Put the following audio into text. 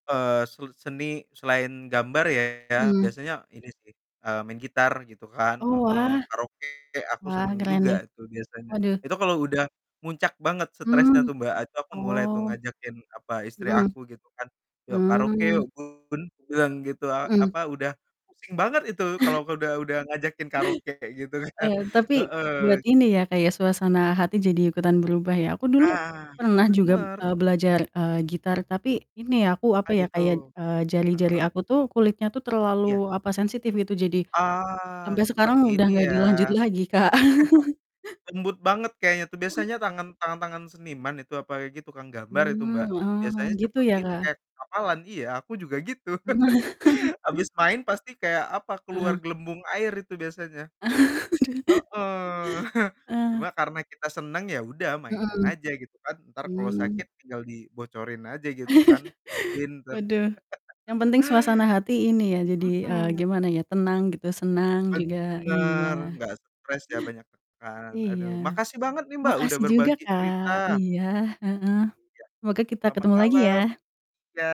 Eee, sel seni selain gambar ya, Mhm. biasanya ini sih, eee, main gitar gitu kan Oh, heeh, wah. karaoke aku Wah, senang keren juga nih. itu biasanya. Waduh. Itu kalau udah muncak banget stresnya Mmm, tuh, Mbak, ah, itu aku mulai tuh oh, ngajakin, apa, istri aku gitu kan, "Yuk, karaoke yuk mhm. Bun!" Bilang gitu, a Mhm. apa, udah pusing banget itu kalau udah udah ngajakin karaoke kayak gitu kan, Eee, tapi buat heeh. ini ya, Kak, ya, suasana hati jadi ikutan berubah ya? Aku dulu Nah, pernah juga, bener. eee, belajar, eee, gitar tapi ini, aku, apa Ah, ya, gitu, kayak jari-jari heeh? aku tuh kulitnya tuh Iya. terlalu, apa, sensitif gitu, jadi Ah, sampai cepat sekarang udah ini gak ya? dilanjut lagi, Kak. Lembut banget kayaknya tuh, biasanya tangan tangan-tangan seniman itu, apalagi tukang gambar itu, Hmm, Mbak, oh, biasanya gitu cepet, ya, ini, Kak? kayak kepalan, iya, aku juga gitu. Mhm. Habis main pasti kayak, apa, keluar Heeh. gelembung air itu biasanya. Aduh. Heeh. Cuma Eee karena kita senang, ya udah mainin Mhm. aja gitu kan. Entar kalau Mmm. sakit tinggal dibocorin aja gitu kan. [unintelligible] Waduh! Yang penting suasana hati, ini ya, jadi, eee, Mhm. gimana ya, tenang gitu, senang juga, Bener, iya. nggak stres ya, banyak tekan. Iya. Aduh, makasih banget nih, Mbak, udah Makasih juga, berbagi Kak, cerita. iya, heeh. Iya, Semoga kita selamat ketemu lagi malam, ya! iya.